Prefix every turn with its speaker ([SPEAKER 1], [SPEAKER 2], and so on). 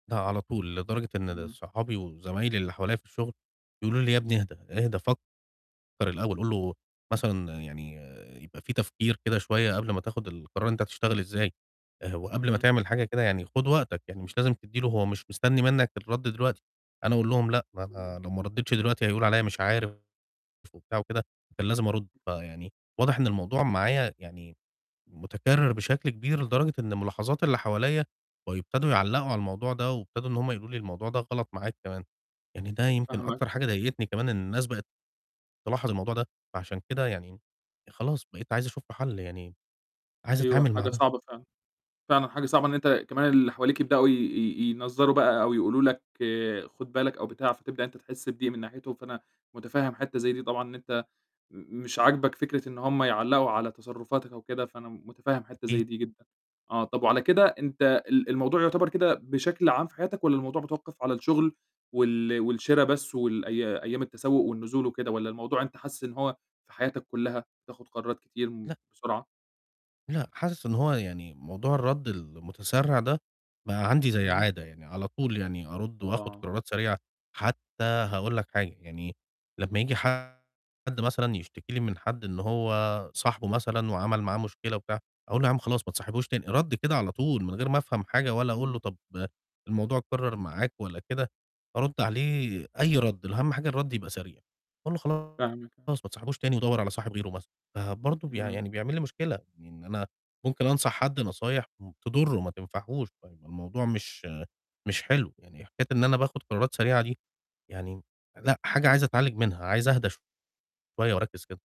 [SPEAKER 1] لأ على طول، لدرجة إن ال
[SPEAKER 2] إمم.
[SPEAKER 1] صحابي وزمايلي اللي حواليَّ في الشُّغل، بيقولوا لي: "يا ابني إهدا، إهدا فكر الأول، قُل له مثلًا يعني يبقى في تفكير كده شوية قبل ما تاخد القرار أنت هتشتغل إزاي، آآ، وقبل ما
[SPEAKER 2] إمم.
[SPEAKER 1] تعمل حاجة كده يعني خُد وقتك، يعني مش لازم تدي له هو مش مستني منك الرد دلوقتي." أنا أقول لهم لأ،
[SPEAKER 2] إمم.
[SPEAKER 1] أنا لو ما رديتش دلوقتي هيقولوا عليّا مش عارف وبتاع وكده، كان لازم أرُد، فيعني واضح إن الموضوع معايا يعني مُتكرر بشكل كبير، لدرجة إن مُلاحظات اللي حواليَّ بقوا يبتدوا يعلقوا على الموضوع ده، وابتدوا إن هُم يقولوا لي الموضوع ده غلط معاك كمان، يعني ده يمكن
[SPEAKER 2] فاهمك.
[SPEAKER 1] أكتر حاجة ضايقتني كمان إن الناس بقت تلاحظ الموضوع ده فعشان كده يعني خلاص بقيت عايز أشوف له حَل، يعني عايز
[SPEAKER 2] أيوه،
[SPEAKER 1] أتعامل مع
[SPEAKER 2] حاجة
[SPEAKER 1] ده.
[SPEAKER 2] صعبة فعلًا، فعلًا حاجة صعبة إن أنت كمان اللي حواليك يبدؤوا ي ي ينظَّروا بقى، أو يقولوا لك خُد بالك أو بتاع، فتبدأ أنت تحِسّ بضيق من ناحيتُهم، فأنا مُتفهم حِتّة زي دي طبعًا إن أنت م مش عاجبك فكرة إن هُم يعلقوا على تصرفاتك أو كده، فأنا مُتفهم حِتّة
[SPEAKER 1] أكيد.
[SPEAKER 2] زي دي جدًا، آه، طب وعلى كده أنت ال الموضوع يُعتبر كده بشكل عام في حياتك، والّا الموضوع متوقف على الشُّغل وال والشرا بس والأيا أيام التسوق والنزول وكده، والّا الموضوع أنت حاسِس إن هو في حياتك كُلّها، بتاخد قرارات كتير م
[SPEAKER 1] لأ.
[SPEAKER 2] بسرعة؟
[SPEAKER 1] لأ، حاسِس إن هو يعني موضوع الرَد المتسرع ده، بقى عندي زي
[SPEAKER 2] امم.
[SPEAKER 1] عادة يعني على طول يعني أرُد وآخُد
[SPEAKER 2] آه.
[SPEAKER 1] قرارات سريعة، حتّى هاقول لك حاجة، يعني لمّا ييجي حد مثلًا يشتكي لي من حد إن هو صاحبه مثلًا، وعمل معاه مشكلة وبتاع، أقول لُه يا عم خلاص ما تصاحبوش تاني، ردي كده على طول من غير ما أفهم حاجة، ولا أقول له
[SPEAKER 2] إمم.
[SPEAKER 1] طب الموضوع أتكرر معاك والّا كده، أرُد عليه أي رد أهم حاجة الرد يبقى سريع، أقول له خلاص
[SPEAKER 2] فاهمِك.
[SPEAKER 1] ما تصاحبوش تاني ودوَّر على صاحب غيره مثلًا، فبرضه بي
[SPEAKER 2] امم.
[SPEAKER 1] يعني بيعمل لي مشكلة، إن أنا ممكن أنصح حد نصايح م تضُره ما تنفعهوش، فالموضوع مش مش حلو، يعني حكاية إن أنا باخُد قرارات سريعة دي، يعني لأ، حاجة عايزة أتعالِج منها، عايز أهدى شوية وأركِز كده.